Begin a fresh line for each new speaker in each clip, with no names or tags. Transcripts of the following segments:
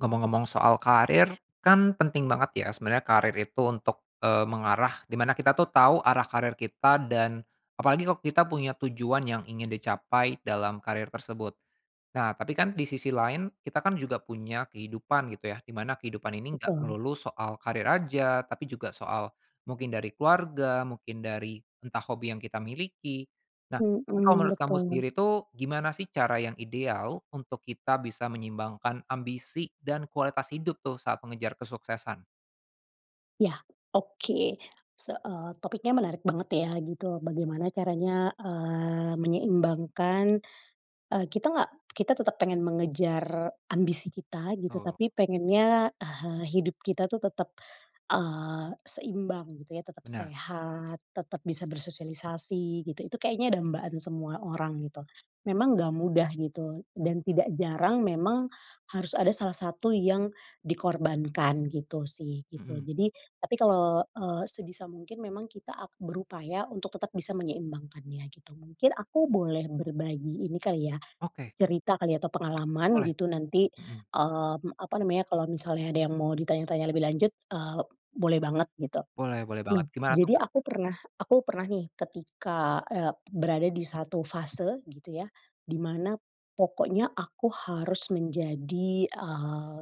Ngomong-ngomong soal karir, kan penting banget ya sebenarnya karir itu untuk, eee, mengarah di mana kita tuh tahu arah karir kita dan, apalagi kalau kita punya tujuan yang ingin dicapai dalam karir tersebut, nah tapi kan di sisi lain kita kan juga punya kehidupan gitu ya di mana kehidupan ini enggak
Betul.
melulu soal karir aja tapi juga soal, mungkin dari keluarga mungkin dari entah hobi yang kita miliki, nah tapi kalau
Mhm,
menurut kamu
betul.
sendiri tuh gimana sih cara yang ideal untuk kita bisa menyeimbangkan ambisi dan kualitas hidup tuh saat mengejar kesuksesan?
Ya, oke, se eee, topiknya menarik banget ya gitu bagaimana caranya, eee, menyeimbangkan, eee, kita nggak kita tetep pengen mengejar ambisi kita gitu
Betul.
tapi pengennya ehe hidup kita tuh tetep, eee, seimbang gitu ya tetep
Bener.
sehat tetep bisa bersosialisasi gitu itu kayaknya dambaan semua orang gitu, memang nggak mudah gitu dan tidak jarang memang, harus ada salah satu yang, dikorbankan gitu sih gitu
Mhm.
jadi, tapi kalo, eee, sebisa mungkin memang kita ap berupaya untuk tetep bisa menyeimbangkannya gitu mungkin aku boleh berbagi ini kali ya,
Oke.
cerita kali ya atau pengalaman
Boleh,
gitu nanti,
mhm.
eee, m apa namanya kalau misalnya ada yang mau ditanya-tanya lebih lanjut, eee, boleh banget gitu,
Boleh boleh
mem
banget gimana tuh,
jadi
Kak?
aku pernah aku pernah nih ketika, eee, berada di 1 fase gitu ya, di mana pokoknya aku harus menjadi, eee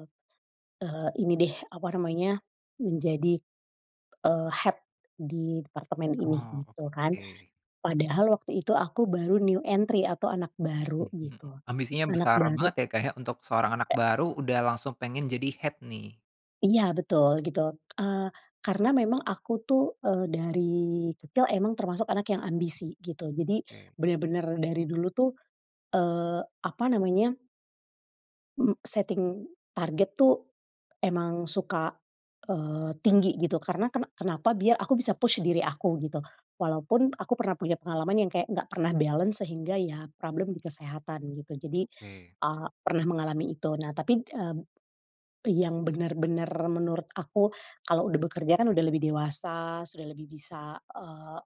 eee, ini deh apa namanya menjadi, eee, head di departement ini
Oh
gitu kan,
oke.
padahal waktu itu aku baru new entry atau anak baru
Mhm,
gitu,
ambisinya
anak
besar
baru.
banget ya, Kak, ya untuk seorang anak baru udah langsung pengen jadi head nih.
Iya betul gitu, eee, karena memang aku tuh, eee, dari kecil emang termasuk anak yang ambisi gitu jadi,
Oke.
bener-bener dari dulu tuh, eee, apa namanya. Mmm, setting target tuh, emang suka, eee, tinggi gitu karena kena kenapa biar aku bisa push diri aku gitu, walaupun aku pernah punya pengalaman yang kayak gak pernah balance sehingga ya problem di kesehatan gitu jadi,
Oke.
eee, pernah mengalami itu nah tapi, eee, yang bener-bener menurut aku kalo udah bekerja kan udah lebih dewasa sudah lebih bisa, eee,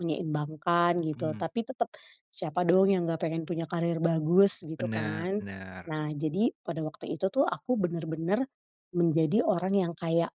menyeimbangkan gitu
Mmm.
tapi tetep, siapa dong yang gak pengen punya karir bagus gitu
Bener
kan,
bener.
nah jadi pada waktu itu tuh aku bener-bener, menjadi orang yang kayak,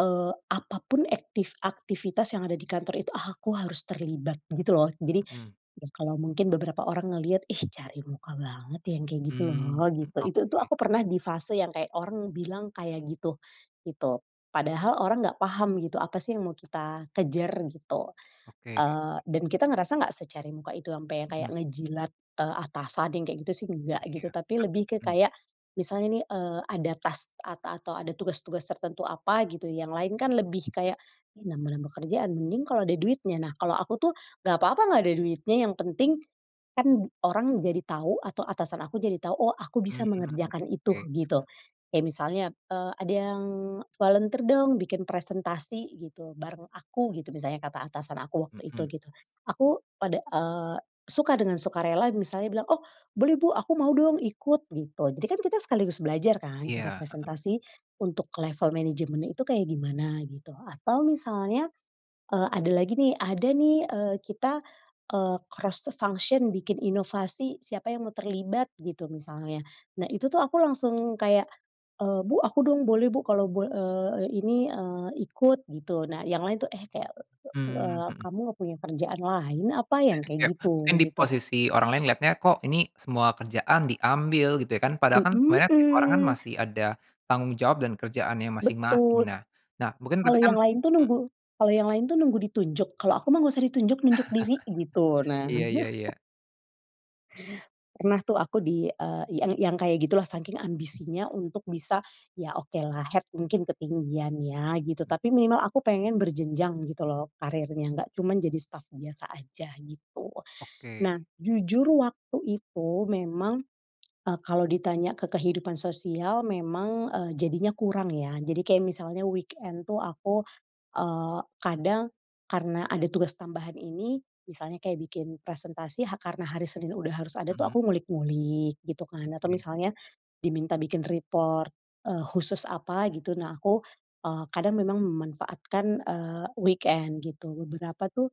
eee, apapun ektif aktivitas yang ada di kantor itu aku harus terlibat gitu loh jadi,
Mhm.
ya kalo mungkin beberapa orang ngeliat, ih, cari muka banget yang kayak gitu
Mmm,
loh
mhm,
gitu itu tuh
oke.
aku pernah di fase yang kayak orang bilang kayak gitu gitu padahal orang gak paham gitu apa sih yang mau kita kejar gitu,
Oke.
eee, dan kita ngerasa nggak secari muka itu ampe yang kayak
Mhm.
ngejilat, eee, atasan yang kayak gitu sih enggak
Iya
gitu
rek
tapi lebih ke
mhm.
kayak, misalnya nih, eee, ada task ata atau ada tugas-tugas tertentu apa gitu yang lain kan lebih kayak, "Ih, nambah-nambah kerjaan mending kalau ada duitnya" nah kalau aku tuh gak papa gak ada duitnya yang penting, kan orang jadi tau atau atasan aku jadi tau oh aku bisa
Mmm,
mengerjakan itu
oke.
gitu, kayak misalnya, eee, "Ada yang volunteer dong bikin presentasi" gitu, "bareng aku," gitu misalnya kata atasan aku waktu itu
Mhm.
gitu, aku pada eee, suka dengan sukarela misalnya bilang, "Oh boleh bu aku mau dong ikut" gitu jadi kan kita sekaligus belajar kan cara
Iya, heeh.
presentasi, untuk level management itu kayak gimana gitu atau misalnya, eee, ada lagi nih ada nih, eee, kita, eee, cross the function bikin inovasi siapa yang mau terlibat gitu misalnya, nah itu tuh aku langsung kayak, eee, "Bu aku dong boleh bu kalau" bo eee, "ini," eee, "ikut gitu" nah yang lain tuh, eh, kayak,
Mmm,
eee,
mhm.
kamu gak punya kerjaan lain apa yang kayak
Kayak mungkin
gitu
di
gitu.
posisi orang lain lihatnya kok ini semua kerjaan diambil gitu ya kan padahal kan sebenarnya tiap orang kan
Mhm.
masih ada tanggung jawab dan kerjaannya masing-masing
Betul.
nah nah mungkin
Kalau
tapi kan,
yang lain tuh
mhm.
nunggu kalau yang lain tuh nunggu ditunjuk kalau aku mah nggak usah ditunjuk nunjuk diri gitu nah.
Iya iya iya.
Pernah tuh aku di, eee, yang yang kayak gitulah saking ambisinya untuk bisa, ya okelah head mungkin ketinggian ya gitu
Hmm.
tapi minimal aku pengen berjenjang gitu loh karirnya nggak cuman jadi staff biasa aja gitu
Oke.
nah jujur waktu itu memang, eee, kalau ditanya ke kehidupan sosial memang, eee, jadinya kurang ya jadi kayak misalnya weekend tuh, aku, eee, kadang, karena ada tugas tambahan ini, misalnya kayak bikin presentasi ha karena hari Senin udah harus ada tuh
Mhm.
aku ngulik-ngulik gitu kan atau
Oke.
misalnya, diminta bikin report, eee, khusus apa gitu nah aku, eee, kadang memang memanfaatkan, eee, weekend gitu beberapa tuh,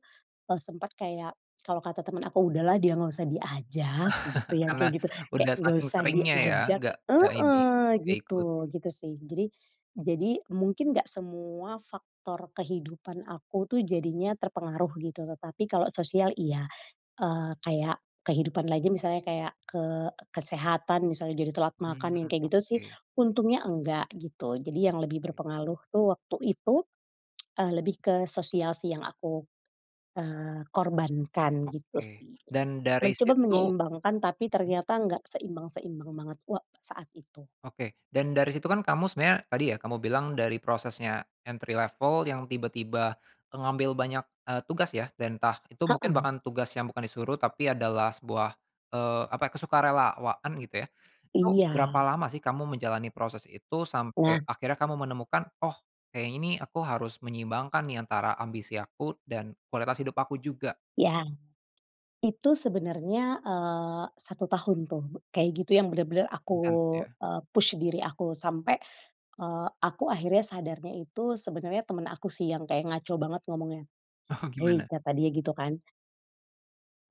eee, sempat kayak kalau kata temen aku, "Udahlah dia gak usah diajak" gitu yang
Karena
kayak gitu kayak
udah
gak
saking
usah
seringnya ya
diajak,
nggak nggak ini,
heeh,
nggak ikut.
gitu gitu sih jadi jadi mungkin gak semua faktor kehidupan aku tuh jadinya terpengaruh gitu tetapi kalau sosial iya, eee, kayak kehidupan lagi misalnya kayak ke kesehatan misalnya jadi telat
Mmm,
makan yang kayak gitu sih
oke.
untungnya enggak gitu jadi yang lebih
Oke.
berpengaruh tuh waktu itu, eee lebih ke sosial sih yang aku, eee, korbankan gitu
Oke,
sih,
dan dari
mencoba
situ
menyeimbangkan tapi
mhm.
ternyata nggak seimbang-seimbang banget wa saat itu.
Oke dan dari situ kan kamu sebenarnya tadi ya kamu bilang dari prosesnya entry level yang tiba-tiba, mengambil banyak, eee, tugas ya dan entah itu mungkin
Heeh.
bahkan tugas yang bukan disuruh tapi adalah sebuah, eee, apa ya kesukarelawan gitu ya, itu berapa
Iya.
lama sih kamu menjalani proses itu
Nah.
sampai akhirnya kamu menemukan oh kayaknya ini aku harus menyeimbangkan nih antara ambisi aku dan kualitas hidup aku juga.
Iya. Itu sebenarnya, eee, 1 tahun tuh kayak gitu yang bener-bener aku,
Intens ya.
eee, push diri aku sampai, eee, aku akhirnya sadarnya itu sebenarnya temen aku sih yang kayak ngaco banget ngomongnya,
Oh
"Hei,"
gimana?
kata dia gitu kan.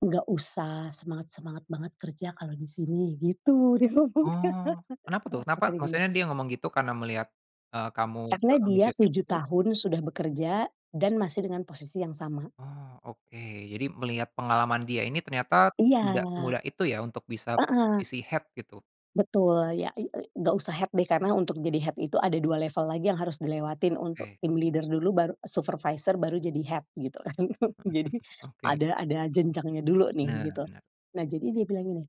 "Nggak usah, semangat semangat banget kerja kalau di sini." Gitu dia ngomongnya.
Oh, kenapa tuh? Kenapa
kata dia gini
maksudnya dia ngomong gitu karena melihat, eee, kamu
karena dia
seambisius
7
itu?
tahun sudah bekerja, dan masih dengan posisi yang sama.
Oh oke, jadi melihat pengalaman dia ini, ternyata tidak
Iya.
semudah itu ya untuk bisa
Heeh.
posisi head, gitu.
Betul, ya i i nggak usah head deh, karena untuk jadi head itu ada 2 level lagi yang harus dilewatin, untuk
Oke.
team leader dulu, baru supervisor, baru jadi head, gitu, kan.
Heeh
Jadi,
heeh. Oke.
ada ada jenjangnya dulu nih,
Benar
gitu.
benar.
Nah, jadi dia bilang gini,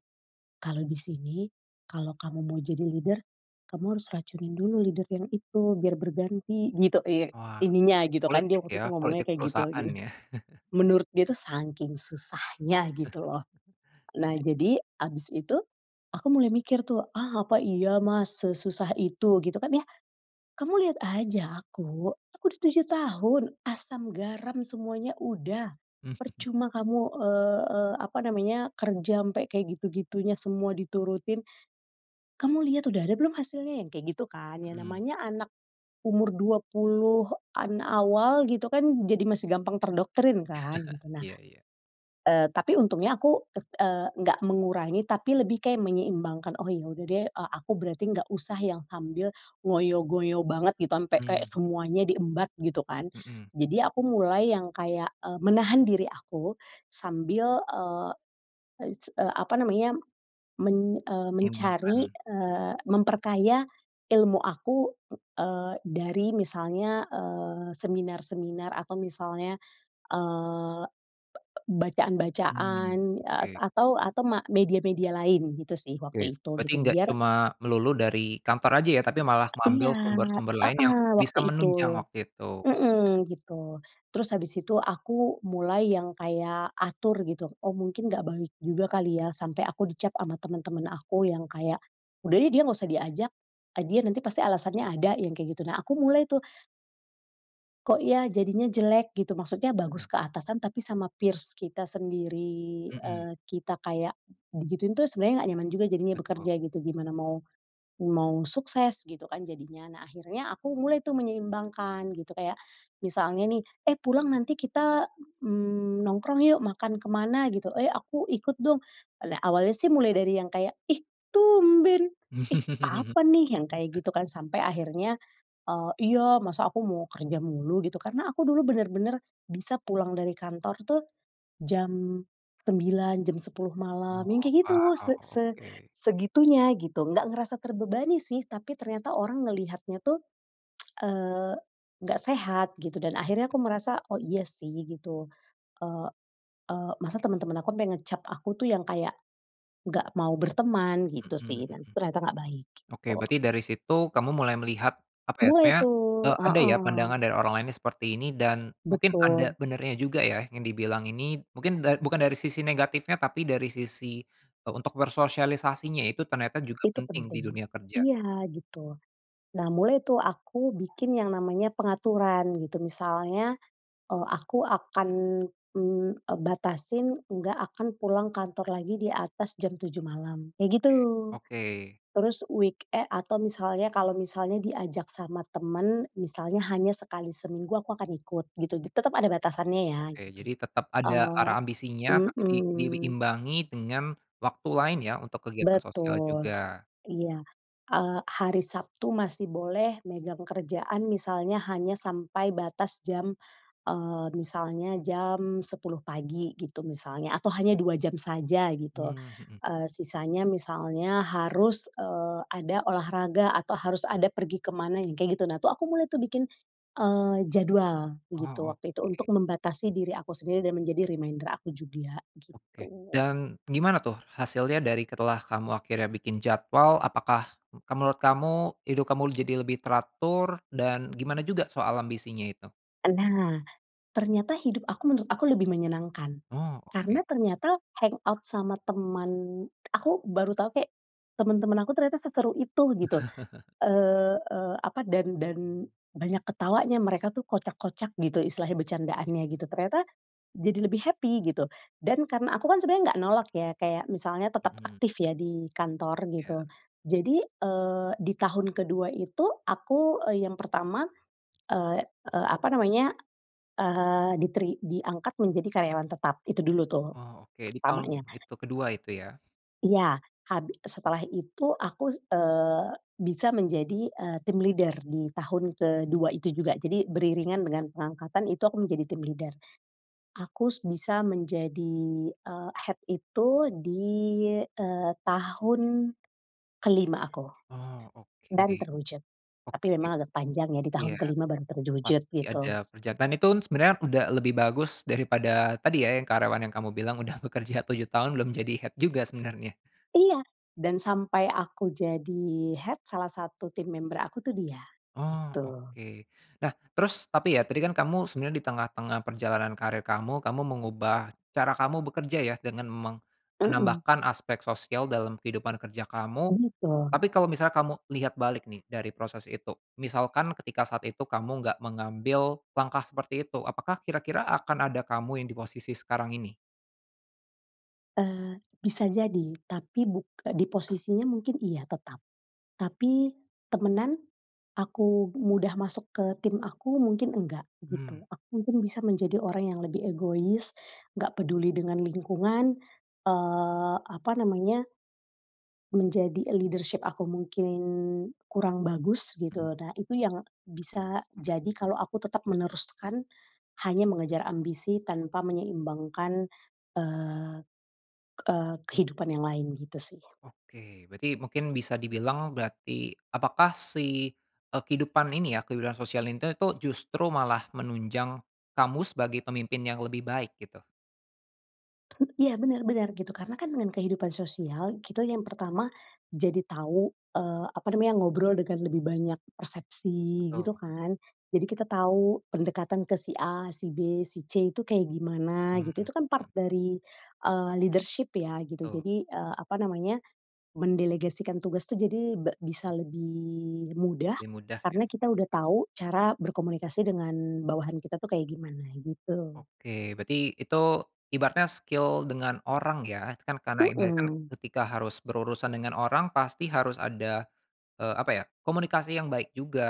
"Kalau di sini, kalau kamu mau jadi leader, kamu harus racunin dulu leader yang itu, biar berganti," gitu. Iya
Wah,
ininya gitu kan, dia
politik
waktu
ya,
tuh ngomongnya
politik
kayak gitu,
perusahaan
gitu.
ya?
Menurut dia tuh sangking susahnya gitu loh. Nah,
[unintelligible]
jadi abis itu, aku mulai mikir tuh, "Ah, apa iya Mas sesusah itu?" Gitu kan ya, "Kamu liat aja aku, aku dah 7 tahun, asam garam semuanya udah,
Mmm, mhm.
percuma kamu, eee eee, apa namanya, kerja ampe kek gitu-gitunya, semua diturutin. Kamu liat udah ada belum hasilnya?" Yang kayak gitu kan, ya
Mhm.
namanya anak umur 20-an awal gitu kan, jadi masih gampang terdoktrin kan, gitu. Nah,
Iya iya.
eee, tapi untungnya aku tek eee, nggak mengurangi tapi lebih kayak menyeimbangkan, "Oh ya udah deh, eee, aku berarti nggak usah yang sambil ngoyo-ngoyo banget gitu, ampe kayak
Hmm.
semuanya di embat gitu kan."
Mhm.
Jadi aku mulai yang kayak, eee, menahan diri aku sambil, eee, is eee, apa namanya, men eee, mencari,
Menyeimbangkan.
eee, memperkaya ilmu aku, ng eee, dari misalnya, eee, seminar-seminar atau misalnya, eee, b b
Hmm,
bacaan-bacaan, a
oke.
atau atau ma media-media lain, gitu sih
Oke,
waktu itu
berarti
gitu,
nggak
biar
cuma melulu dari kantor aja ya, tapi malah
iya,
mengambil sumber-sumber lain yang
heeh,
bisa
waktu itu,
menunjang waktu itu.
mhm, gitu. Terus habis itu aku mulai yang kayak atur gitu, "Oh mungkin nggak baik juga kali ya," sampai aku dicap sama temen-temen aku yang kayak, udah deh dia nggak usah diajak, eee, dia nanti pasti alasannya ada yang kayak gitu. Nah, aku mulai tuh kok ya jadinya jelek gitu, maksudnya
Mhm.
bagus ke atasan tapi sama peers kita sendiri,
Mhm.
eee, kita kayak digituin tuh sebenarnya nggak nyaman juga jadinya
Betul.
bekerja gitu, gimana mau mau sukses gitu kan jadinya. Nah, akhirnya aku mulai tuh menyeimbangkan gitu, kayak misalnya nih, "Eh pulang nanti kita, mmm, nongkrong yuk makan ke mana gitu," "Eee, aku ikut dong." Alak awalnya sih mulai dari yang kayak, "Ih tumben, ih apa nih," yang kayak gitu kan, sampe akhirnya, eee, "Iya masa aku mau kerja mulu," gitu kan. Karena aku dulu bener-bener bisa pulang dari kantor tuh, jam 09:00, jam 10:00 malam,
Oh,
yang kayak gitu,
wow,
se se
oke.
segitunya, gitu. Nggak ngerasa terbebani sih, tapi ternyata orang ngeliatnya tuh, eee, nggak sehat gitu dan akhirnya aku merasa, oh iya sih, gitu. Eee eee, masa temen-temen aku sampai ngecap aku tuh yang kayak, nggak mau berteman gitu sih
Mhm
dan
mhm.
ternyata nggak baik,
Oke
gitu.
berarti dari situ kamu mulai melihat, apa ya,
Boleh
sebenernya,
tuh,
eee, ada ya
heeh.
pandangan dari orang lain yang seperti ini, dan mungkin ada
Betul.
benarnya juga ya yang dibilang ini. Mungkin da bukan dari sisi negatifnya, tapi dari sisi, eee, untuk bersosialisasinya itu ternyata juga
Itu
penting di
penting,
dunia kerja.
iya gitu. Nah, mulai tuh aku bikin yang namanya pengaturan, gitu. Misalnya, eee, aku akan, mmm, eee, batasin, nggak akan pulang kantor lagi di atas jam 07:00 malam, kayak gitu.
Oke oke.
Terus weeke atau misalnya kalau misalnya diajak sama temen, misalnya hanya sekali seminggu aku akan ikut, gitu. Tetep ada batasannya ya,
Oke,
gitu.
jadi tetap ada
Eee,
arah ambisinya, tapi di dibi
mhm.
imbangi dengan waktu lain ya untuk kegiatan sosial
Betul,
juga.
iya. Eee, hari Sabtu masih boleh megang kerjaan misalnya hanya sampai batas jam, eee, misalnya jam 10:00 pagi, gitu misalnya. Atau hanya 2 jam saja, gitu.
Mmm, mhm.
Eee, sisanya misalnya harus, eee, ada olahraga atau harus ada pergi ke mana, yang kayak gitu nah, tuh aku mulai tuh bikin, eee, jadwal, gitu.
Oh
Waktu
oke.
itu untuk membatasi diri aku sendiri dan menjadi reminder aku juga,
Oke,
gitu.
dan gimana tuh hasilnya dari setelah kamu akhirnya bikin jadwal, apakah, mmm, kal menurut kamu hidup kamu jadi lebih teratur, dan gimana juga soal ambisinya itu?
Nah, ternyata hidup aku menurut aku lebih menyenangkan.
Oh
Karena
oke.
ternyata, hangout sama teman aku baru tau kek, teman-teman aku ternyata seseru itu, gitu. Eee eee, apa, dan dan banyak ketawanya mereka tuh kocak-kocak gitu, istilahnya bercandaannya gitu. Ternyata, jadi lebih happy, gitu, dan karena aku kan sebenernya nggak nolak ya kayak misalnya tetap
Mhm.
aktif ya di kantor, gitu.
Iya.
Jadi, eee, di tahun ke-2 itu aku, eee, yang pertama, eee eee, apa namanya, eee, diteri diangkat menjadi karyawan tetap, itu dulu tuh,
Oh oke, di tahun
pertamanya.
itu ke-2 itu ya?
Iya, habi setelah itu aku, eee, bisa menjadi, eee, team leader di tahun ke-2 itu juga. Jadi, beriringan dengan pengangkatan itu aku menjadi team leader. Aku s bisa menjadi, eee, head itu di, eee, tahun ke-5 aku,
Oh oke.
dan terwujud. Tapi
Oke,
memang agak panjang ya, di
iya,
tahun ke-5 baru terwujud,
pasti
gitu.
ada pekerjaan itu n sebenarnya udah lebih bagus daripada tadi ya, yang karyawan yang kamu bilang udah bekerja 7 tahun belum jadi head juga sebenarnya.
Iya, dan sampai aku jadi head, salah satu team member aku tuh dia,
Oh
gitu.
oke. Nah terus tapi ya, tadi kan kamu sebenarnya di tengah-tengah perjalanan karir kamu, kamu mengubah cara kamu bekerja ya, dengan meng
Mhm.
menambahkan aspek sosial dalam kehidupan kerja kamu,
Gitu.
tapi kalau misalnya kamu lihat balik nih, dari proses itu, misalkan ketika saat itu kamu nggak mengambil langkah seperti itu, apakah kira-kira akan ada kamu yang di posisi sekarang ini?
Eee, bisa jadi tapi buk di posisinya mungkin iya tetap. Tapi temenan, aku mudah masuk ke tim aku mungkin nggak,
Mhm.
gitu. Aku mungkin bisa menjadi orang yang lebih egois, nggak peduli dengan lingkungan, eee, apa namanya menjadi leadership aku mungkin kurang bagus
Mhm.
gitu. Nah, itu yang bisa jadi kalo aku tetep meneruskan hanya mengejar ambisi tanpa menyeimbangkan, eee, eee, kehidupan yang lain gitu sih.
Oke, berarti mungkin bisa dibilang berarti apakah si, eee, kehidupan ini ya, kehidupan sosial ini tuh justru malah menunjang kamu sebagai pemimpin yang lebih baik gitu?
Iya, bener bener gitu. Karna kan dengan kehidupan sosial, kita yang pertama jadi tau, eee, apa namanya, ngobrol dengan lebih banyak persepsi
Betul.
gitu kan. Jadi, kita tau pendekatan ke si A, si B, si C itu kayak gimana
Mhm,
gitu. Itu kan part
mmm.
dari, eee, leadership ya gitu.
Tuh.
Jadi, eee, apa namanya, mendelegasikan tugas tuh jadi be bisa lebih mudah.
Lebih mudah ya.
Karna kita udah tau cara berkomunikasi dengan bawahan kita tuh kayak gimana gitu.
Oke, berarti itu ibaratnya skill dengan orang ya, kan karena ibarat kan,
Mhm.
ketika harus berurusan dengan orang pasti harus ada, eee, apa ya, komunikasi yang baik juga,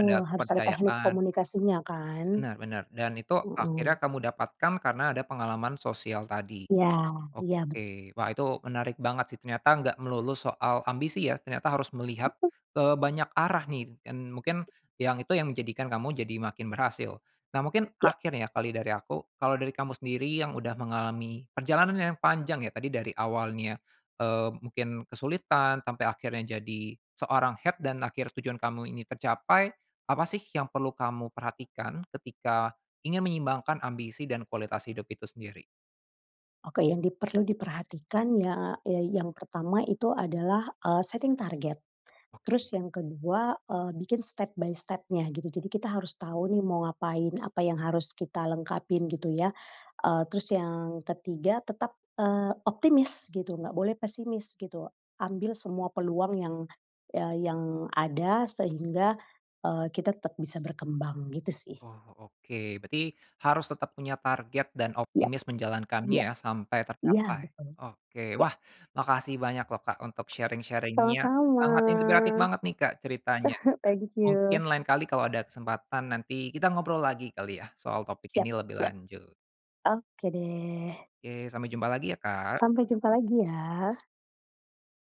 ada
harus ada teknik
kepercayaan.
komunikasinya kan.
Bener, bener. Dan itu akhirnya
Mhm.
kamu dapatkan karena ada pengalaman sosial tadi.
Iya iya bet
Oke, wah itu menarik banget sih, ternyata enggak melulu soal ambisi ya ternyata harus melihat,
Mhm.
eee, ke banyak arah nih kin mungkin yang itu yang menjadikan kamu jadi makin berhasil. Nah, mungkin
Ya.
terakhir nih ya kali dari aku. Kalau dari kamu sendiri yang udah mengalami perjalanan yang panjang ya, tadi dari awalnya, eee, mungkin kesulitan sampe akhirnya jadi seorang head dan akhir tujuan kamu ini tercapai, apa sih yang perlu kamu perhatikan ketika ingin menyeimbangkan ambisi dan kualitas hidup itu sendiri?
Oke, yang diperlu diperhatikan ya, yang pertama itu adalah, eee, setting target.
Oke.
Terus yang kedua, eee, bikin step by step-nya gitu. Jadi kita harus tau nih mau ngapain, apa yang harus kita lengkapin gitu ya. Eee, terus yang ketiga tetap, eee, optimis gitu, nggak boleh pesimis gitu. Ambil semua peluang yang ya yang ada sehingga, eee, kita tetep bisa berkembang gitu sih.
Oh, oke. Berarti harus tetap punya target dan
Yup,
optimis menjalankannya
iya,
ya sampe
iya
tercapai.
betul.
Oke,
Ya.
wah makasih banyak loh, Kak, untuk sharing-sharing-nya
Sama-sama.
sangat inspiratif banget nih, Kak, ceritanya.
Thank you.
Mungkin lain kali kalau ada kesempatan, nanti kita ngobrol lagi kali ya soal topik
Siap,
ini lebih
siap.
lanjut.
Oke deh.
Oke, sampe jumpa lagi ya, Kak.
Sampai jumpa lagi ya.